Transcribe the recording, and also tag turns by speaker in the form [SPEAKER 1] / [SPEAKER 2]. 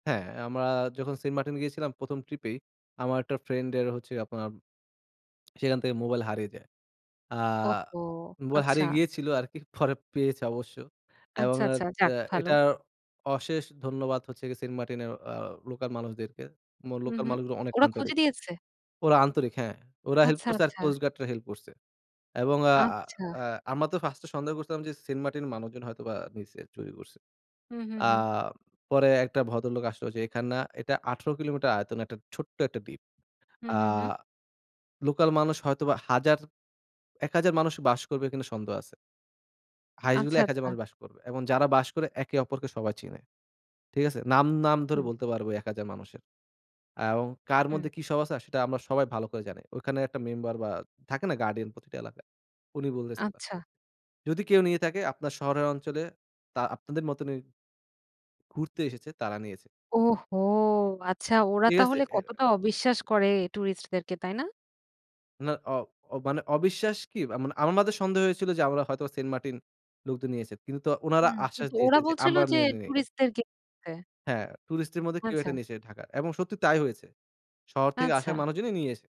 [SPEAKER 1] হ্যাঁ, আমরা যখন সেন্টমার্টিন গিয়েছিলাম প্রথম ট্রিপেই, আমার একটা ফ্রেন্ডের হচ্ছে আপনার সেখান থেকে মোবাইল হারিয়ে যায়। আ
[SPEAKER 2] ওহো!
[SPEAKER 1] মোবাইল
[SPEAKER 2] আচ্ছা।
[SPEAKER 1] হারিয়ে গিয়েছিল আরকি পরে পেয়েছে অবশ্য। এবং
[SPEAKER 2] আচ্ছা, আচ্ছা
[SPEAKER 1] এরতা
[SPEAKER 2] যাক ভালো।
[SPEAKER 1] এটার অশেষ ধন্যবাদ হচ্ছে গিয়ে সেন্টমার্টিনের অ লোকাল মানুষদেরকে। মো
[SPEAKER 2] হুম,
[SPEAKER 1] লোকাল
[SPEAKER 2] হুম
[SPEAKER 1] মানুষগুলো অনেক
[SPEAKER 2] ওরা খুঁজে
[SPEAKER 1] আন্তরিক।
[SPEAKER 2] দিয়েছে?
[SPEAKER 1] ওরা আন্তরিক হ্যাঁ। ওরা হেল্প
[SPEAKER 2] আচ্ছা,
[SPEAKER 1] করছে আর
[SPEAKER 2] আচ্ছা।
[SPEAKER 1] কোস্ট গার্ডরা হেল্প করছে। এবং আ
[SPEAKER 2] আচ্ছা।
[SPEAKER 1] আ আমরা তো ফার্স্ট এ সন্দেহ করছিলাম যে সেন্টমার্টিন মানুষজন হয়তো বা নিছে চুরি করছে।
[SPEAKER 2] হুম, হুম,
[SPEAKER 1] আ
[SPEAKER 2] হুম।
[SPEAKER 1] পরে একটা ভদ্রলোক আসতে যে এখান না এটা 18 কিলোমিটার আয়তন একটা ছোট্ট একটা দ্বীপ।
[SPEAKER 2] হুম,
[SPEAKER 1] আ
[SPEAKER 2] হুম, হুম।
[SPEAKER 1] লোকাল মানুষ হয়তোবা হাজার 1000 মানুষ বাস করবে কিনা সন্দেহ আছে। highest গেলে
[SPEAKER 2] আচ্ছা,
[SPEAKER 1] 1000
[SPEAKER 2] আচ্ছা।
[SPEAKER 1] মানুষ বাস করবে। এবং যারা বাস করে একে অপরকে সবাই চিনে। ঠিক আছে? নাম, নাম ধরে
[SPEAKER 2] হুম।
[SPEAKER 1] বলতে পারবো ওই 1000 মানুষের। অ্যাও কার মধ্যে
[SPEAKER 2] হুম।
[SPEAKER 1] কি সব আছে? সেটা আমরা সবাই ভালো করে জানি। ওইখানে একটা মেম্বার বা থাকে না? গার্ডিয়ান প্রতিটি এলাকায়। উনি বলেসিলো,
[SPEAKER 2] আচ্ছা।
[SPEAKER 1] যদি কেউ নিয়ে থাকে আপনার শহরের অঞ্চলে তা আপনাদের মতই ঘুরতে এসেছে তারা নিয়েছে।
[SPEAKER 2] ওহো! আচ্ছা, ওরা
[SPEAKER 1] ঠিক আছে?
[SPEAKER 2] তাহলে
[SPEAKER 1] অ্যা
[SPEAKER 2] কতটা অবিশ্বাস করে টুরিস্ট দেরকে তাই না?
[SPEAKER 1] না অ অ মানে অবিশ্বাস কি? আ মানে আমাদের সন্দেহ হয়েছিল যে আমরা হয়তো সেন্টমার্টিন লোকদের নিয়েছে কিন্তু তো উনারা
[SPEAKER 2] হুম,
[SPEAKER 1] আশ্বাস
[SPEAKER 2] কিন্তু ওরা
[SPEAKER 1] দিয়েছে যে
[SPEAKER 2] বলছিল
[SPEAKER 1] আমরা
[SPEAKER 2] যে
[SPEAKER 1] নেইনি।
[SPEAKER 2] টুরিস্ট দেরকে নিতে।
[SPEAKER 1] হ্যাঁ, টুরিস্টের মধ্যে কেউ
[SPEAKER 2] আচ্ছা।
[SPEAKER 1] একটা নিয়েছে ঢাকার। এবং সত্যি তাই হয়েছে। শহর থেকে আসা
[SPEAKER 2] আচ্ছা।
[SPEAKER 1] মানুষজনই নিয়ে এসে।